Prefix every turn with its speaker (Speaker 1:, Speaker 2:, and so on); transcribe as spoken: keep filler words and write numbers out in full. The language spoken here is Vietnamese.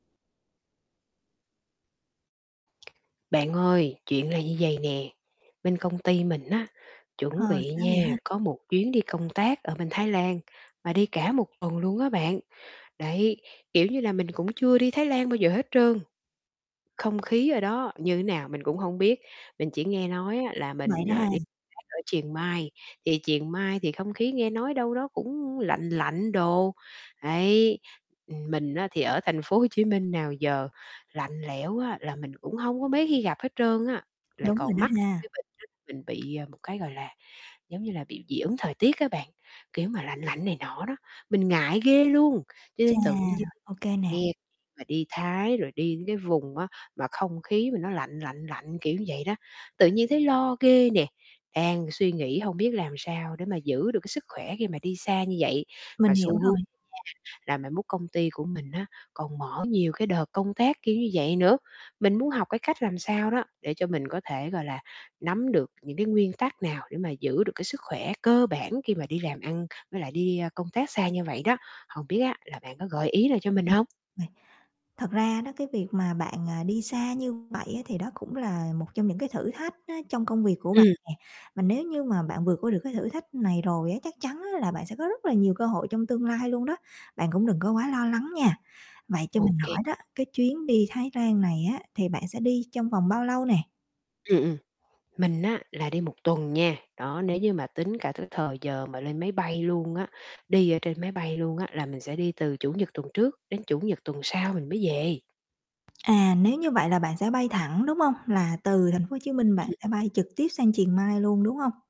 Speaker 1: Bạn ơi, chuyện này như vầy nè, bên công ty mình á,
Speaker 2: Ờ,
Speaker 1: chuẩn bị
Speaker 2: sao vậy
Speaker 1: nha,
Speaker 2: ha?
Speaker 1: có một chuyến đi công tác ở bên Thái Lan và đi cả một tuần luôn á bạn. Đấy. Kiểu như là, mình cũng chưa đi Thái Lan bao giờ hết trơn, không khí ở đó như thế nào mình cũng hông biết, mình chỉ nghe nói á là
Speaker 2: Vậy
Speaker 1: mình,
Speaker 2: đó
Speaker 1: à,
Speaker 2: ha.
Speaker 1: đi tác ở Chiang Mai, thì Chiang Mai thì không khí nghe nói đâu đó cũng lạnh lạnh đồ. Đấy. Ừm, mình á thì ở thành phố Hồ Chí Minh nào giờ, lạnh lẽo á là mình cũng hông có mấy khi gặp hết trơn á, lại
Speaker 2: Đúng rồi
Speaker 1: còn
Speaker 2: đó
Speaker 1: mắc cả cái
Speaker 2: ha.
Speaker 1: bệnh đó là mình bị một cái, gọi là, giống như là bị dị ứng thời tiết á bạn, kiểu, mà lạnh lạnh này nọ đó, mình ngại ghê luôn. Cho
Speaker 2: Chà,
Speaker 1: nên tự nhiên
Speaker 2: ô kê nè.
Speaker 1: nghe cái chuyện mà đi Thái rồi đi cái vùng á mà không khí mà nó lạnh lạnh lạnh, kiểu ưn vậy đó, tự nhiên thấy lo ghê nè, đang suy nghĩ hông biết làm sao để mà giữ được cái sức khỏe khi mà đi xa như vậy mà
Speaker 2: Mình hiểu
Speaker 1: xu hướng đó
Speaker 2: rồi.
Speaker 1: nha là mai mốt công ty của mình á còn mở nhiều cái đợt công tác kiểu như vậy nữa. Mình muốn học cái cách làm sao đó để cho mình có thể, gọi là, nắm được những cái nguyên tắc nào để mà giữ được cái sức khỏe cơ bản khi mà đi làm ăn, với lại đi, a, công tác xa như vậy đó. Hồng biết á là bạn có gợi ý nào cho mình
Speaker 2: Ừm.
Speaker 1: hông?
Speaker 2: Này, thật ra đó cái việc mà bạn, à, đi xa như vậy á thì đó cũng là một trong những cái thử thách á trong công việc của bạn
Speaker 1: Ừm.
Speaker 2: nè, và nếu như mà bạn vượt qua được cái thử thách này rồi á, chắc chắn á là bạn sẽ có rất là nhiều cơ hội trong tương lai luôn đó, bạn cũng đừng có quá lo lắng nha. Vậy cho
Speaker 1: Ô
Speaker 2: mình
Speaker 1: kê.
Speaker 2: hỏi đó cái chuyến đi Thái Lan này á thì bạn sẽ đi trong vòng bao lâu nè?
Speaker 1: Ừm, ừm. Mình á là đi một tuần nha. Đó, nếu như mà tính cả cái thời giờ mà lên máy bay luôn á, đi ở trên máy bay luôn á, là mình sẽ đi từ Chủ nhật tuần trước đến Chủ nhật tuần sau mình mới về.
Speaker 2: À, nếu như vậy là bạn sẽ bay thẳng, đúng hông? Là từ thành phố Hồ Chí Minh bạn
Speaker 1: Ừm.
Speaker 2: sẽ bay trực tiếp sang Chiang Mai luôn, đúng hông?